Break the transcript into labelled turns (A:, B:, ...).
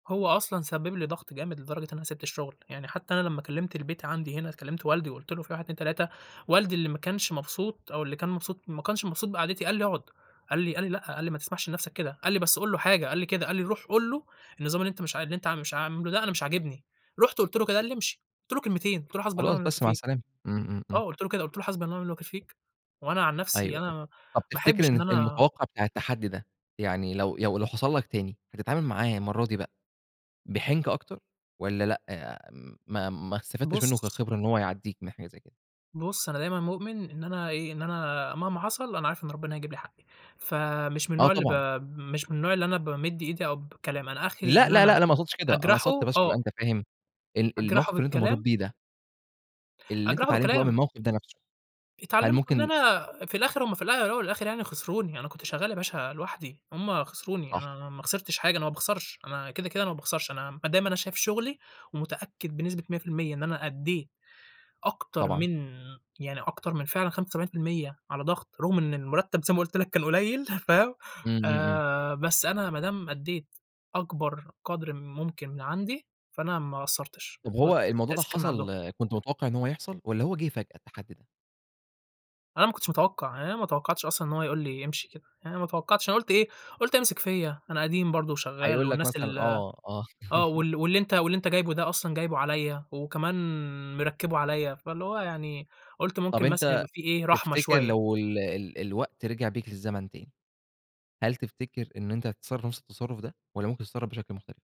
A: هو أصلًا سبب لي ضغط جامد لدرجة إن أنا سِبت الشغل، يعني حتى أنا لمّا كلمت البيت عندي هنا، كلمت والدي وقُلت له في 1 2 3، والدي اللي ما كانش مبسوط أو اللي كان مبسوط ما كانش مبسوط بقعدتي قال لي: "اقعد." قال لي قال لي: "لأ"، قال لي: "ما تسمحش لنفسك كده." قال لي: "بس قُل له حاجة" قال لي كده، قال لي: "روح قُل له النظام اللي أنت مش ع اللي أنت مش عاملة ده أنا مش عاجبني"، رُحت قُلت له كده قال لي: "امشي." قُلت له كلمتين، قُلت له: "حسبي الله
B: خلاص،
A: ونعم
B: بس
A: الوكيل
B: مع
A: فيك"،
B: السلامة، إمم، إمم، إمم.
A: آه، قُلت له كده، قُلت له: "حسبي الله ونعم الوكيل فيك، وأنا عن نَفسي
B: أيوه
A: أنا
B: أيوه، طَب
A: ما أحبّش
B: تفتكر
A: إن
B: إن
A: أنا"
B: المتوقّع بتاع التحدّي ده، يعني لو ي لو حصل لك تاني، هتتعامِل معاه المَرّة دي بقى بحنكة أكتر، والّا لأ، ما ما استفدتش منه
A: بُص
B: كخبرة، إن هو يعدّيك من حاجة زي كده؟
A: بُص أنا دايمًا مؤمن إن أنا إيه، إن أنا مهما حصل أنا عارف إن ربنا هيجيب لي حقّي، فمش من
B: آه
A: النوع اللي ب
B: طبعًا.
A: مش من النوع اللي أنا بامِد إيدي أو بكلام، أنا آخري
B: لأ
A: إن
B: لأ لأ،
A: أنا
B: أنا ما اقصدش كده، أنا
A: أجرحه،
B: قصدت بس عشان تبقى
A: آه.
B: أنت فاهم، ال
A: أجرحه
B: الموقِف اللي أنت مرّيت
A: بالكلام.
B: بيه ده اللي أنت
A: أجرحه
B: اتعلمته بقى من
A: بالكلام.
B: الموقِف ده نَفسه، هل
A: اتعلمت إن
B: ممكن
A: أنا في الآخر هُم في الا الاول والآخر يعني خسروني، أنا كنت شغال يا باشا لوحدي، هُم خسروني،
B: صح.
A: أنا ما خسرتش حاجة، أنا ما باخسرش، أنا كده كده أنا ما باخسرش، أنا ما دام أنا شايف شغلي ومتأكد بنسبة 100% إن أنا أدّيت أكتر
B: طبعًا.
A: من يعني أكتر من فعلًا 75% على ضغط، رُغم إن المرتب زي ما قُلت لك كان قليّل، فاهم،
B: إمم، إمم، إمم.
A: آآ، بس أنا ما دام أدّيت أكبر قدر ممكن من عندي فأنا ما قصّرتش،
B: طَب
A: هو
B: هو
A: التق
B: الموضوع ده
A: التقصير كان من عندهم.
B: حصل كنت متوقّع إن هو يحصل، والّا هو جِه فجأة التحدّي ده؟
A: أنا ما كنتش متوقع، يعني أنا ما توقعتش أصلًا إن هو يقول لي امشي كده، يعني أنا ما توقعتش، أنا قُلت إيه، قُلت هيمسك فيَّ، أنا قديم برضو وشغّال
B: هيقُول لك
A: والناس
B: مثلًا
A: ال
B: آه، آه.
A: آه، وال واللي أنت واللي أنت جايبه ده أصلًا جايبه عليَّ وكمان مركّبه عليَّ، فاللي هو يعني قُلت
B: طَب
A: ممكن مثلًا
B: أنت
A: يبقى في إيه، رحمة
B: تفتكر
A: شوية.
B: لو ال ال الوقت رجع بيك الزمن تاني، هل تفتكر إن أنت هتتصرّف نَفس التصرّف ده والّا ممكن تتصرّف بشكل مختلف؟